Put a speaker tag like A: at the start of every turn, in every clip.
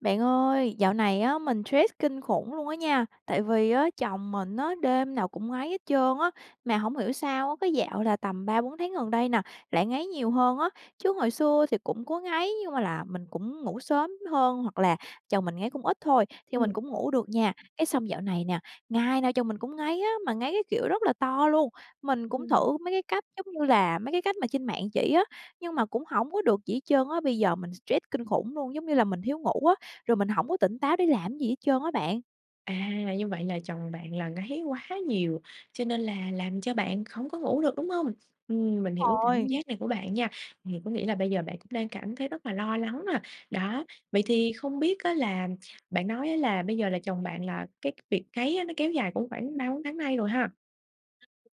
A: Bạn ơi, dạo này á mình stress kinh khủng luôn á nha, tại vì á chồng mình á đêm nào cũng ngáy hết trơn á. Mà hổng hiểu sao á, cái dạo là tầm 3-4 tháng gần đây nè lại ngáy nhiều hơn á, chứ hồi xưa thì cũng có ngáy nhưng mà là mình cũng ngủ sớm hơn hoặc là chồng mình ngáy cũng ít thôi thì mình
B: Ừm.
A: cũng ngủ được nha. Cái xong dạo này nè, ngày nào chồng mình cũng ngáy á, mà ngáy cái kiểu rất là to luôn. Mình cũng
B: Ừm.
A: thử mấy cái cách giống như là mấy cái cách mà trên mạng chỉ á, nhưng mà cũng hổng có được gì hết trơn á. Bây giờ mình stress kinh khủng luôn, giống như là mình thiếu ngủ á, rồi mình hổng có tỉnh táo để làm cái gì hết trơn á bạn.
B: À, như vậy là chồng bạn là ngáy quá nhiều, cho nên là làm cho bạn hổng có ngủ được, đúng hông? Ừm, mình
A: Đúng
B: hiểu cái cảm
A: rồi.
B: giác này của bạn nha. Thì có nghĩa là bây giờ bạn cũng đang cảm thấy rất là lo lắng à, đó. Vậy
A: Ừm.
B: thì không biết á là bạn nói á là bây giờ là chồng bạn là cái việc ngáy á nó kéo dài cũng khoảng 3-4 tháng nay rồi ha?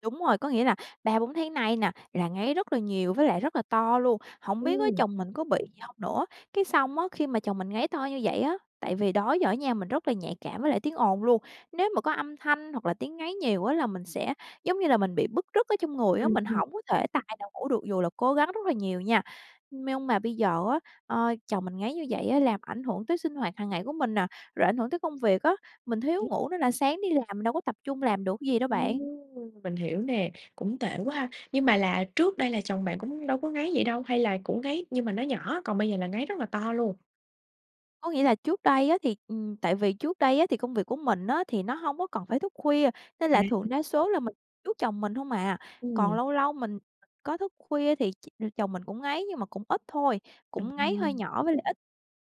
A: Đúng rồi, có nghĩa là 3-4 tháng nay nè là ngáy rất là nhiều với lại rất là to luôn. Hổng biết á
B: Ừm.
A: chồng mình có bị gì hông nữa? Cái xong á, khi mà chồng mình ngáy to như vậy á, tại vì đó giờ á nha mình rất là nhạy cảm với lại tiếng ồn luôn, nếu mà có âm thanh hoặc là tiếng ngáy nhiều á là mình sẽ, giống như là, mình bị bứt rứt ở trong người á,
B: Ừm,
A: mình
B: ừm.
A: hổng có thể tài nào ngủ được dù là cố gắng rất là nhiều nha. Nhưng mà bây giờ á, ờ, chồng mình ngáy như vậy á làm ảnh hưởng tới sinh hoạt hàng ngày của mình nè, rồi ảnh hưởng tới công việc á, mình thiếu ngủ nên là sáng đi làm mình đâu có tập trung làm được gì đâu
B: Ừm,
A: bạn.
B: mình hiểu nè, cũng tệ quá ha! Nhưng mà là trước đây là chồng bạn cũng đâu có ngáy vậy đâu, hay là cũng ngáy nhưng mà nó nhỏ còn bây giờ là ngáy rất là to luôn?
A: Có nghĩa là trước đây á thì ừm, tại vì trước đây á thì công việc của mình á thì nó hông có cần phải thức khuya, nên
B: À.
A: là thường đa số là mình trước chồng mình hông à. Còn
B: Ừm.
A: lâu lâu mình có thức khuya thì ch chồng mình cũng ngáy, nhưng mà cũng ít thôi, cũng ngáy hơi
B: Ừm.
A: nhỏ với lại ít.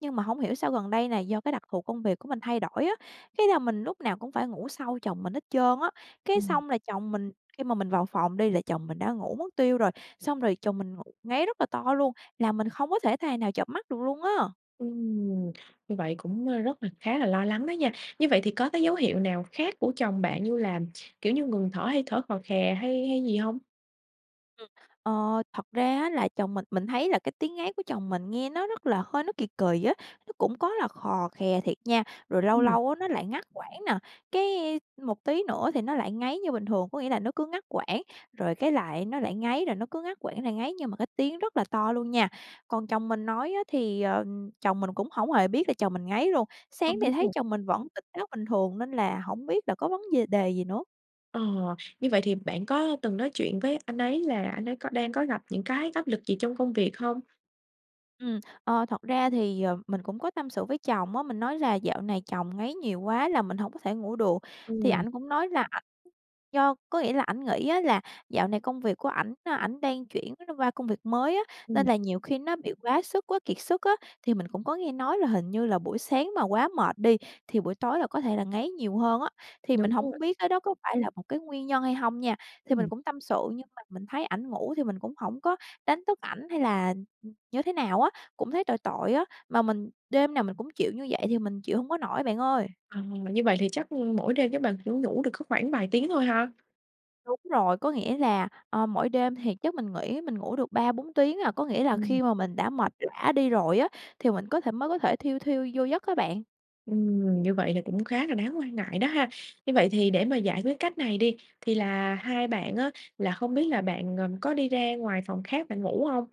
A: Nhưng mà hông hiểu sao gần đây này do cái đặc thù công việc của mình thay đổi á, cái là mình lúc nào cũng phải ngủ sau chồng mình hết trơn á. Cái
B: Ừm.
A: xong là chồng mình khi mà mình vào phòng đi, là chồng mình đã ngủ mất tiêu rồi, xong rồi chồng mình ngủ ngáy rất là to luôn, làm mình không có thể tài nào chợp mắt được luôn á!
B: Ừm. Như vậy cũng, ơ, rất là khá là lo lắng đó nha. Như vậy thì có cái dấu hiệu nào khác của chồng bạn như là, kiểu như, ngừng thở hay thở khò khè hay hay gì hông?
A: Ừm. Ờ. Thật ra á là chồng mình mình thấy là cái tiếng ngáy của chồng mình nghe nó rất là hơi nó kì kì á, nó cũng có là khò khè thiệt nha, rồi lâu
B: Ừm.
A: lâu á nó lại ngắt quãng nè, cái, a, một tí nữa thì nó lại ngáy như bình thường. Có nghĩa là nó cứ ngắt quãng, rồi cái lại nó lại ngáy rồi nó cứ ngắt quãng lại ngáy, nhưng mà cái tiếng rất là to luôn nha. Còn chồng mình nói á thì, ờ, chồng mình cũng hổng hề biết là chồng mình ngáy luôn. Sáng
B: Không biết
A: thì thấy
B: luôn.
A: chồng mình vẫn tỉnh táo bình thường nên là hổng biết là có vấn dề đề gì nữa.
B: Ờ, như vậy thì bạn có từng nói chuyện với anh ấy là anh ấy có đang có gặp những cái áp lực gì trong công việc hông?
A: Ừm, ờ, thật ra thì, ờ, mình cũng có tâm sự với chồng á, mình nói là dạo này chồng ngáy nhiều quá là mình hổng có thể ngủ được. Thì
B: Ừm.
A: ảnh cũng nói là ảnh do có nghĩa là ảnh nghĩ á là dạo này công việc của ảnh, a, ảnh đang chuyển [unintelligible] qua công việc mới á,
B: Ừm.
A: nên là nhiều khi nó bị quá sức, quá kiệt sức á. Thì mình cũng có nghe nói là hình như là buổi sáng mà quá mệt đi thì buổi tối là có thể là ngáy nhiều hơn á, thì mình
B: Đúng rồi.
A: hổng biết cái đó có phải là một cái nguyên nhân hay hông nha. Thì mình
B: Ừm.
A: cũng tâm sự, nhưng mà mình thấy ảnh ngủ thì mình cũng hổng có đánh thức ảnh hay là, ừ, như thế nào á, cũng thấy tội tội á, mà mình đêm nào mình cũng chịu như vậy thì mình chịu hông có nổi bạn ơi!
B: Ờ, như vậy thì chắc, ưm, mỗi đêm chắc bạn chỉ có ngủ được có khoảng vài tiếng thôi ha?
A: Đúng rồi, có nghĩa là, ờ, mỗi đêm thì chắc mình nghĩ mình ngủ được 3-4 tiếng à, có nghĩa là
B: Ừm.
A: khi mà mình đã mệt lả đi rồi á thì mình có thể mới có thể thiu thiu vô giấc á bạn.
B: Ừm, như vậy là cũng khá là đáng quan ngại đó ha. Như vậy thì để mà giải quyết cách này đi, thì là hai bạn á là không biết là bạn, ờm, có đi ra ngoài phòng khác bạn ngủ hông?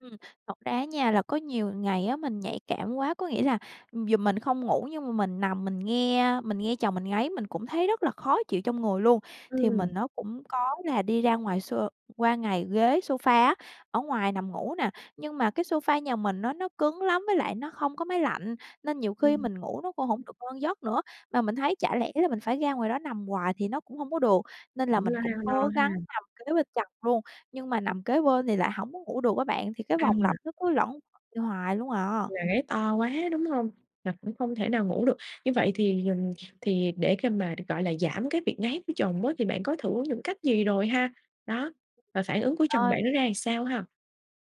A: Ừm, thật ra á nha là có nhiều ngày á mình nhạy cảm quá. Có nghĩa là dù mình không ngủ nhưng mà mình nằm mình nghe mình nghe chồng mình ngáy mình cũng thấy rất là khó chịu trong người luôn. Thì
B: Ừm.
A: mình nó cũng có là đi ra ngoài so qua ngày ghế sofa á, ở ngoài nằm ngủ nè, nhưng mà cái sofa nhà mình á nó nó cứng lắm với lại nó không có máy lạnh nên nhiều khi
B: Ừm.
A: mình ngủ nó cũng hổng được ngon giấc nữa. Mà mình thấy chả lẽ là mình phải ra ngoài đó nằm hoài thì nó cũng hông có được nên là
B: Cũng
A: mình
B: lo
A: cũng
B: ha, lo
A: cố gắng
B: ha.
A: nằm kế bên chồng luôn. Nhưng mà nằm kế bên thì lại hổng có ngủ được á bạn, thì cái vòng lặp
B: À.
A: nó cứ luẩn hoài luôn à.
B: Là ngáy to quá, đúng hông? Là cũng không thể nào ngủ được. Như vậy thì, ừm, thì để cơm mà, gọi là, giảm cái việc ngáy của chồng á thì bạn có thử những cách gì rồi ha, đó, và phản ứng của chồng
A: Ơi.
B: bạn nó ra làm sao ha?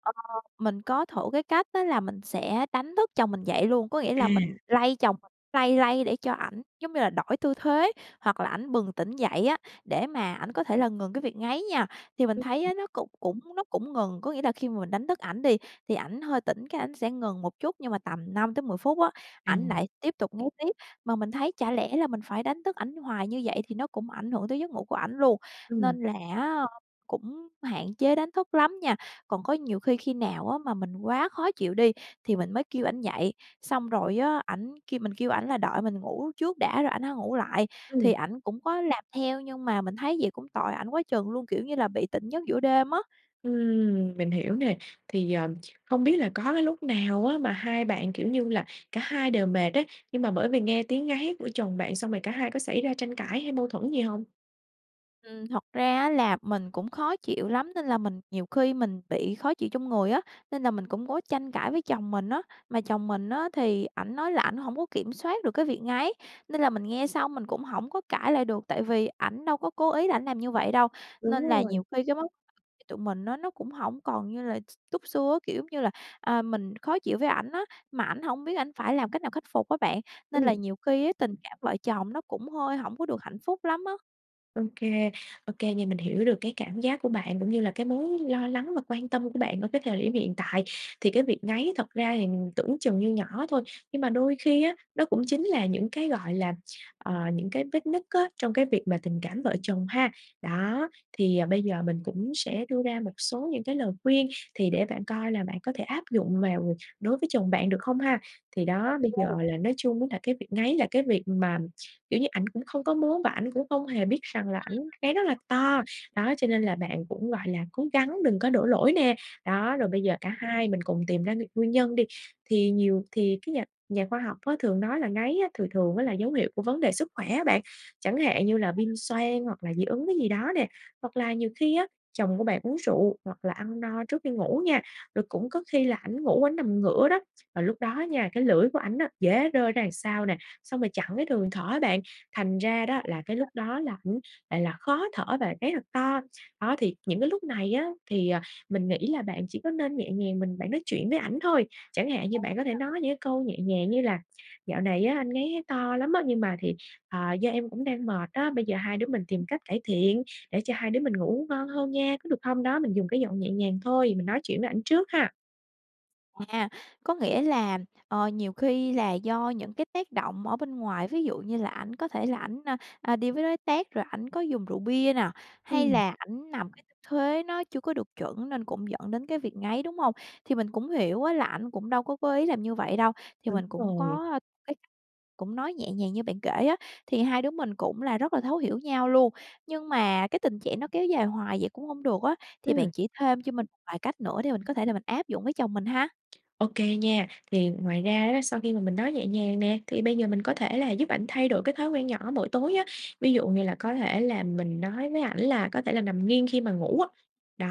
A: Ờ, mình có thử cái cách đó là mình sẽ đánh thức chồng mình dậy luôn. Có nghĩa là mình
B: À.
A: lay chồng mình lay lay để cho ảnh, giống như là, đổi tư thế hoặc là ảnh bừng tỉnh dậy á, để mà ảnh có thể là ngừng cái việc ngáy nha. Thì mình thấy á
B: [unintelligible]
A: nó cũng cũng nó cũng ngừng. Có nghĩa là khi mà mình đánh thức ảnh đi thì ảnh hơi tỉnh, cái, ảnh sẽ ngừng một chút nhưng mà tầm 5 tới 10 phút á, ảnh
B: Ừm.
A: lại tiếp tục ngáy tiếp. Mà mình thấy chả lẽ là mình phải đánh thức ảnh hoài như vậy thì nó cũng ảnh hưởng tới giấc ngủ của ảnh luôn,
B: Ừm.
A: nên là á cũng hạn chế đánh thức lắm nha. Còn có nhiều khi khi nào á mà mình quá khó chịu đi thì mình mới kêu ảnh dậy, xong rồi á, ảnh kêu mình kêu ảnh là đợi mình ngủ trước đã rồi ảnh hãy ngủ lại thì
B: Ừm.
A: ảnh cũng có làm theo nhưng mà mình thấy vậy cũng tội ảnh quá chừng luôn, kiểu như là bị tỉnh giấc giữa đêm á.
B: Ừm, mình hiểu nè, thì, ờm, hông biết là có cái lúc nào á mà hai bạn, kiểu như là, cả hai đều mệt á, nhưng mà bởi vì nghe tiếng ngáy của chồng bạn xong rồi cả hai có xảy ra tranh cãi hay mâu thuẫn gì hông?
A: Ừm, thật ra á là mình cũng khó chịu lắm, nên là mình nhiều khi mình bị khó chịu trong người á, nên là mình cũng có tranh cãi với chồng mình á. Mà chồng mình á thì ảnh nói là ảnh hổng có kiểm soát được cái việc ngáy, nên là mình nghe xong mình cũng hổng có cãi lại được, tại vì ảnh đâu có cố ý là ảnh làm như vậy đâu.
B: Đúng
A: Nên là
B: rồi.
A: nhiều khi cái vấn tụi mình á, nó cũng hổng còn như là x túc xưa á, kiểu, giống như là, à, mình khó chịu với ảnh á, mà ảnh hổng biết ảnh phải làm cách nào khắc phục á bạn, nên là
B: Ừm.
A: nhiều khi á tình cảm vợ chồng nó cũng hơi hổng có được hạnh phúc lắm á.
B: Ô kê, ô kê nha, mình hiểu được cái cảm giác của bạn cũng như là cái mối lo lắng và quan tâm của bạn ở cái thời điểm hiện tại. Thì cái việc ngáy thật ra thì tưởng chừng như nhỏ thôi, nhưng mà đôi khi á, nó cũng chính là những cái, gọi là, ờ, những cái vết nứt á trong cái việc mà tình cảm vợ chồng ha. Đó, thì bây giờ mình cũng sẽ đưa ra một số những cái lời khuyên thì để bạn coi là bạn có thể áp dụng vào đối với chồng bạn được không ha. Thì đó, bây giờ
A: OK.
B: là nói chung á là cái việc ngáy là cái việc mà, kiểu như, ảnh cũng không có muốn và ảnh cũng không hề biết rằng là
A: Ừm.
B: ảnh ngáy rất là
A: [unintelligible]
B: to, đó, cho nên là bạn cũng, gọi là, cố gắng đừng có đổ lỗi nè. Đó, rồi bây giờ cả
A: [unintelligible]
B: hai mình cùng tìm ra nguy nguyên nhân đi. Thì nhiều thì cái nhà nhà khoa học á thường nói là ngáy á thường thường á là dấu hiệu của vấn đề sức khỏe á bạn, chẳng hạn như là viêm xoang hoặc là dị ứng cái gì đó nè, hoặc là nhiều khi á, chồng của bạn uống rượu hoặc là ăn no trước khi ngủ nha, rồi cũng có khi là ảnh ngủ ảnh nằm ngửa đó, và lúc đó nha, cái lưỡi của ảnh á, dễ rơi ra đằng sau nè, xong rồi chặn cái đường thở á bạn, thành ra đó là cái lúc
A: [unintelligible]
B: đó là ảnh lại là khó thở và ngáy thật to. Đó, thì những cái lúc này á thì, à, mình nghĩ là bạn chỉ có nên nhẹ nhàng mình bạn nói chuyện với ảnh thôi, chẳng hạn như
A: Ừ
B: bạn có thể
A: nhỉ.
B: nói những cái câu nhẹ nhàng như là "Dạo này á anh ngáy thấy to lắm á, nhưng mà thì, ờ, do em cũng đang mệt á, bây giờ hai đứa mình
A: Ừm.
B: tìm cách cải thiện để cho hai đứa mình ngủ ngon hơn nha, có được không?" Đó, mình dùng cái giọng nhẹ nhàng thôi, mình nói chuyện với ảnh trước ha!
A: À, có nghĩa là, ờ, nhiều khi là do những cái tác động ở bên ngoài, ví dụ như là ảnh có thể là ảnh, a, a, đi với đối tác rồi ảnh có dùng rượu bia nè, hay
B: Ừm.
A: là ảnh nằm cái tư thế nó chưa có được chuẩn nên cũng dẫn đến cái việc ngáy, đúng hông? Thì mình cũng hiểu á là ảnh cũng đâu có cố ý làm như vậy đâu, thì
B: Đúng
A: mình cũng
B: rồi.
A: có cái cách cũng nói nhẹ nhàng như bạn kể á, thì hai đứa mình cũng là rất là thấu hiểu nhau luôn. Nhưng mà cái tình trạng nó kéo dài hoài vậy cũng hông được á, thì
B: Ừm.
A: bạn chỉ thêm cho mình một vài cách nữa để mình có thể là mình áp dụng với chồng mình ha.
B: Ô kê nha, thì ngoài ra á, sau khi mà mình nói nhẹ nhàng nè, thì bây giờ mình có thể là giúp ảnh thay đổi cái thói quen nhỏ mỗi tối á, ví dụ như là có thể là mình nói với ảnh là có thể là nằm nghiêng khi mà ngủ á, đó,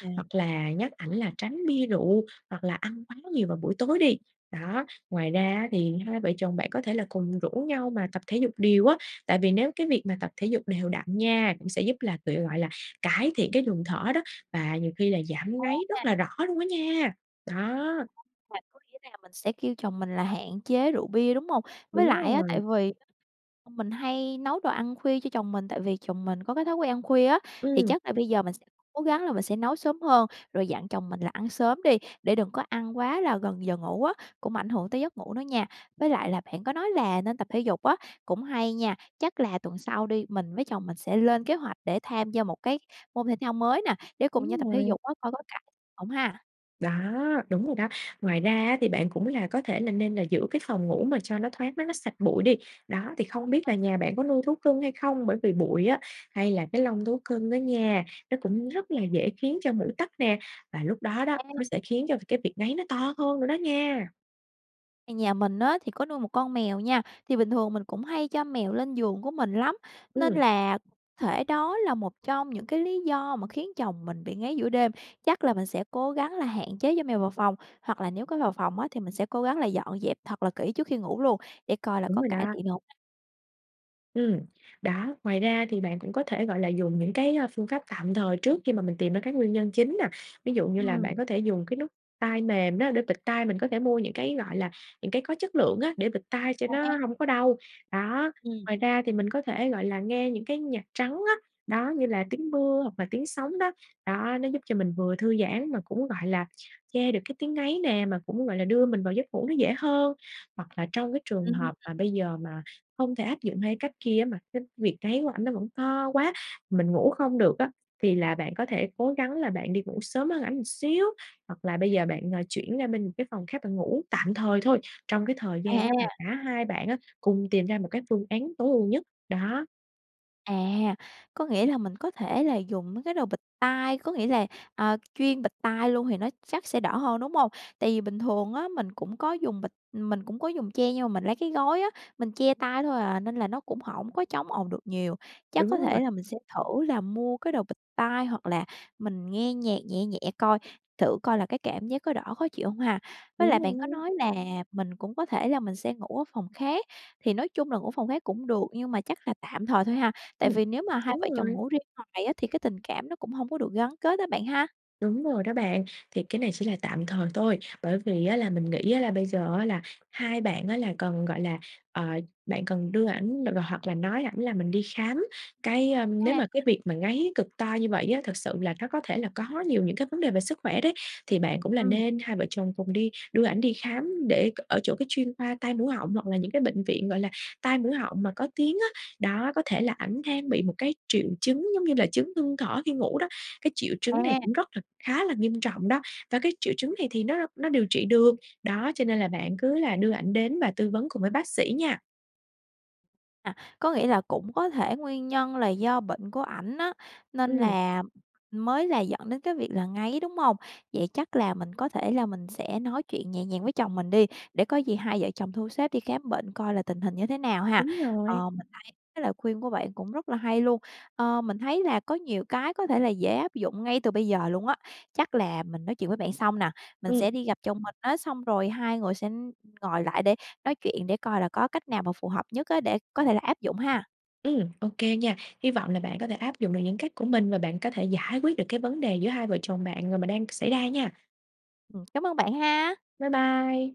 A: À.
B: hoặc là nhắc ảnh là tránh bia rượu hoặc là ăn quá nhiều vào buổi tối đi, đó. Ngoài ra á thì hai vợ chồng bạn có thể là cùng rủ nhau mà tập thể dục đều á, tại vì nếu cái việc mà tập thể dục đều đặn nha cũng sẽ giúp là tự gọi là, cải thiện cái luồng thở đó, và nhiều khi là giảm ngáy rất
A: [unintelligible]
B: là rõ luôn á nha, đó.
A: À, có nghĩa là mình sẽ kêu chồng mình là hạn chế rượu bia, đúng hông? Với lại
B: Đúng
A: á,
B: rồi.
A: tại vì [unintelligible] mình hay nấu đồ ăn khuya cho chồng mình tại vì chồng mình có cái thói quen ăn khuya á, thì
B: Ừm.
A: chắc là bây giờ mình sẽ cố gắng là mình sẽ nấu sớm hơn, rồi dặn chồng mình là ăn sớm đi để đừng có ăn quá là gần giờ ngủ á, cũng ảnh hưởng tới giấc ngủ nữa nha. Với lại là bạn có nói là nên tập thể dục á cũng hay nha. Chắc là tuần sau đi, mình với chồng mình sẽ lên kế hoạch để tham gia một cái môn thể thao mới nè để cùng nhau
B: Đúng
A: tập thể
B: rồi.
A: dục á, coi có cải hông ha.
B: Đó, đúng rồi đó. Ngoài ra á thì bạn cũng là có thể là nên là giữ cái phòng ngủ mà cho nó thoáng nó nó sạch bụi đi. Đó, thì không biết là
A: [unintelligible]
B: nhà bạn có nuôi thú cưng hay không? Bởi vì bụi á hay là cái lông thú cưng đó nha, nó cũng rất là dễ khiến cho mũi tắc nè, và lúc đó đó,
A: À.
B: nó sẽ khiến cho cái việc ngáy nó to hơn nữa đó nha.
A: Nhà mình á thì có nuôi một con mèo nha. Thì bình thường mình cũng hay cho mèo lên giường của mình lắm, nên
B: Ừm.
A: là có thể đó là một trong những cái lý do mà khiến chồng mình bị ngáy giữa đêm. Chắc là mình sẽ cố gắng là hạn chế cho mèo vào phòng, hoặc là nếu có vào phòng á thì mình sẽ cố gắng là dọn dẹp thật là kỹ trước khi ngủ luôn để coi là
B: Đúng
A: có
B: rồi
A: cải
B: đó.
A: thiện được hông ha.
B: Ừm, đó, ngoài ra thì bạn cũng có thể, gọi là, dùng những cái, a, phương pháp tạm thời trước khi mà mình tìm ra cái nguyên nhân chính nè, ví dụ như là bạn
A: Ừm.
B: có thể dùng cái nút tai mềm đó để bịt tai. Mình có thể mua những cái, gọi là, những cái có chất lượng á để bịt tai cho nó
A: À!
B: hông có đau, đó.
A: Ừm.
B: Ngoài ra thì mình có thể, gọi là, nghe những cái nhạc trắng á, đó, như là tiếng mưa hoặc là tiếng sóng đó, đó, nó giúp cho mình vừa thư giãn mà cũng, gọi là, che được cái tiếng ngáy nè, mà cũng, gọi là, đưa mình vào giấc ngủ nó dễ hơn. Hoặc là trong cái trường
A: Ừm.
B: hợp mà bây giờ mà không thể áp dụng hai cách kia á, mà cái việc ngáy của ảnh nó vẫn to quá mình ngủ không được á, thì là bạn
A: Ừm.
B: có thể cố gắng là bạn đi ngủ sớm hơn ảnh một xíu, hoặc là bây giờ bạn, ờ, chuyển ra bên một cái phòng khác bạn ngủ, tạm thời thôi, trong cái thời gian á mà
A: À!
B: cả hai bạn á cùng tìm ra một cái phương án tối ưu nhất, đó.
A: À, có nghĩa là mình có thể là dùng mấy cái đồ bịt tai, có nghĩa là, à, chuyên bịt tai luôn thì nó chắc sẽ đỡ hơn, đúng hông? Tại vì bình thường á mình cũng có dùng bịt mình cũng có dùng che nhưng mà mình lấy cái gối á, mình che tay thôi à, nên là nó cũng hổng có chống ồn được nhiều. Chắc
B: Đúng
A: có
B: rồi.
A: thể là mình sẽ thử là mua cái đồ bịt tai, hoặc là mình nghe nhạc nhẹ nhẹ coi, thử coi là cái cảm giác có đỡ khó chịu hông ha? Với
B: Đúng
A: lại bạn
B: luôn đó.
A: có nói là mình cũng có thể là mình sẽ ngủ ở phòng khác, thì nói chung là ngủ phòng khác cũng được, nhưng mà chắc là tạm thời thôi ha? Tại
B: Ừm,
A: vì nếu mà hai
B: đúng
A: vợ chồng
B: rồi.
A: ngủ riêng hoài á thì cái tình cảm nó cũng hông có được gắn kết á bạn ha?
B: Đúng rồi đó bạn. Thì cái này chỉ là tạm thời thôi, bởi vì á là mình nghĩ á là bây giờ á, là hai bạn á là cần, gọi là ờ, bạn cần đưa ảnh, ờ, hoặc là nói ảnh là mình đi khám. Cái, ơ nếu
A: A.
B: mà cái việc mà ngáy cực to như vậy á thực sự là nó có thể là có nhiều những cái vấn đề về sức khỏe đấy, thì bạn cũng là
A: Ừm.
B: nên hai vợ chồng cùng đi đưa ảnh đi khám để ở chỗ cái chuyên khoa tai mũi họng, hoặc là những cái bệnh viện, gọi là, tai mũi họng mà có tiếng á. Đó, có thể là ảnh đang bị một cái triệu chứng, giống như là, chứng ngưng thở khi ngủ đó. Cái triệu chứng này
A: À.
B: cũng rất là khá là nghiêm trọng đó và cái triệu chứng này thì nó nó điều trị được. Đó, cho nên là bạn cứ là đưa ảnh đến và tư vấn cùng với bác sĩ nha.
A: À, có nghĩa là cũng có thể nguyên nhân là do bệnh của ảnh á, nên
B: Ừm.
A: là mới là dẫn đến cái việc là ngáy, đúng hông? Vậy chắc là mình có thể là mình sẽ nói chuyện nhẹ nhàng với chồng mình đi, để có gì hai vợ chồng thu xếp đi khám bệnh coi là tình hình như thế nào ha.
B: Đúng rồi.
A: Ờ, mình thấy cái lời khuyên của bạn cũng rất là hay luôn. Ờ, mình thấy là có nhiều cái có thể là dễ áp dụng ngay từ bây giờ luôn á. Chắc là mình nói chuyện với bạn xong nà, mình
B: Ừm.
A: sẽ đi gặp chồng mình á, xong rồi hai người sẽ, ưm, ngồi lại để nói chuyện để coi là có cách nào mà phù hợp nhất á để có thể là áp dụng ha.
B: Ừm, OK nha. Hy vọng là bạn có thể áp dụng được những cách của mình, và bạn có thể giải quyết được cái vấn đề giữa hai vợ chồng bạn mà đang xảy ra nha!
A: Ừm, cám ơn bạn ha!
B: Bye bye.